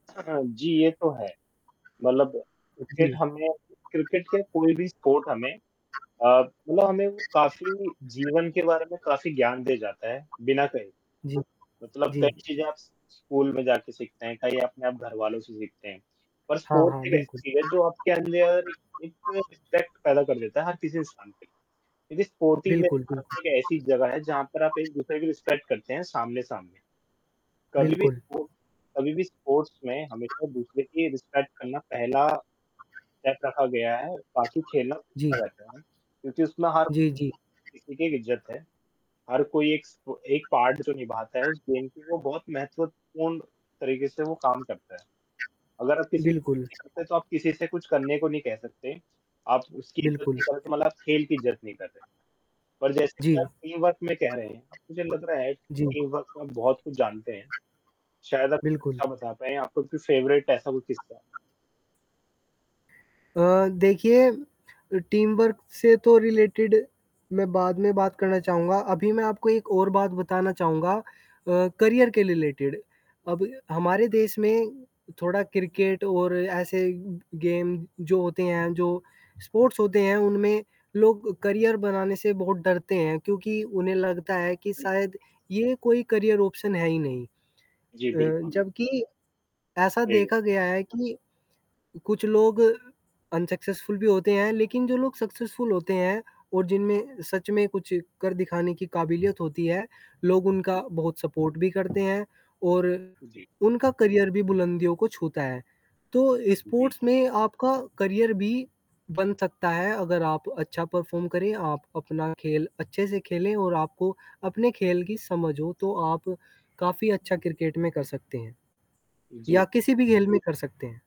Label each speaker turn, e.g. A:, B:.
A: हाँ जी, ये तो है। मतलब क्रिकेट
B: जी।
A: हमें क्रिकेट क्या कोई भी स्पोर्ट हमें? अ, मतलब हमें वो काफ़ी जीवन के बारे में काफ़ी ज्ञान दे जाता है, बिना कहे। तो
B: जी।
A: मतलब
B: जी।
A: कई चीज़ें आप स्कूल में जाके सीखते हैं, कई आपने आप घरवालों से सीखते हैं। पर
B: हाँ, हाँ,
A: स्पोर्ट्स एक
B: बिल्कुल।
A: ऐसी चीज़ है जो आपके अंदर एक एक रिस्पेक्ट पैदा कर देता है हर किसी इंसान के। ये जो स्पोर्टिंग में
B: बिल्कुल, कुल।
A: रहते हैं ये ऐसी जगह है जहाँ पर आप एक दूसरे को गेम करते हैं सामने-सामने। कभी भी
B: बिल्कुल।
A: सो कभी भी स्पोर्ट्स में हमेशा दूसरे की रिस्पेक्ट करना पहला स्टेप रखा गया है, बाकी खेलना तो
B: जी।
A: होता रहता है वहाँ क्योंकि उसमें हर
B: जी, जी।
A: ठीक है, इज्ज़त है। हर कोई एक स एक पार्ट जो निभाता है उस दिन के लिए वो बहुत महत्वपूर्ण तरीके से वो काम करता है। अगर आप किसी
B: बिल्कुल।
A: करते तो आप किसी से कुछ करने को नहीं कह सकते? आप उसकी इज़्ज़त
B: बिल्कुल।
A: नहीं करते, मतलब खेल की इज़्ज़त नहीं करते। पर जैसे कि
B: जी।
A: आप टीमवर्क में कह रहे हैं, अब मुझे लग रहा है कि
B: जी।
A: टीमवर्क में बहुत कुछ जानते हैं। शायद आप एक
B: बिल्कुल।
A: किस्सा बता पाएँ आपका कोई फेवरेट ऐसा कोई किस्सा?
B: अ, देखिए टीमवर्क से तो रिलेटेड मैं बाद में बात करना चाहूँगा। अभी मैं आपको एक और बात बताना चाहूँगा। अ, करियर के लिए रिलेटेड अब हमारे देश में थोड़ा क्रिकेट और ऐसे गेम जो होते हैं जो स्पोर्ट्स होते हैं उनमें लोग करियर बनाने से बहुत डरते हैं क्योंकि उन्हें लगता है कि
A: जी।
B: शायद ये कोई करियर ऑप्शन है ही नहीं।
A: जी,
B: अ,
A: बिल्कुल, बि
B: जबकि ऐसा
A: सही बात।
B: देखा गया है कि कुछ लोग अनसक्सेसफुल भी होते हैं लेकिन जो लोग सक्सेसफुल होते हैं और जिनमें सच में कुछ कर दिखाने की काबिलियत होती है लोग उनका बहुत सपोर्ट भी करते हैं और।
A: जी।
B: उनका करियर भी बुलंदियों को छूता है। तो
A: जी,
B: स्पोर्ट्स
A: जी।
B: में आपका करियर भी बन सकता है अगर आप अच्छा परफ़ॉर्म करें आप अपना खेल अच्छे से खेलें और आपको अपने खेल की समझ हो तो आप काफ़ी अच्छा क्रिकेट में कर सकते हैं। या
A: जी।
B: किसी भी घेल में कर सकते हैं।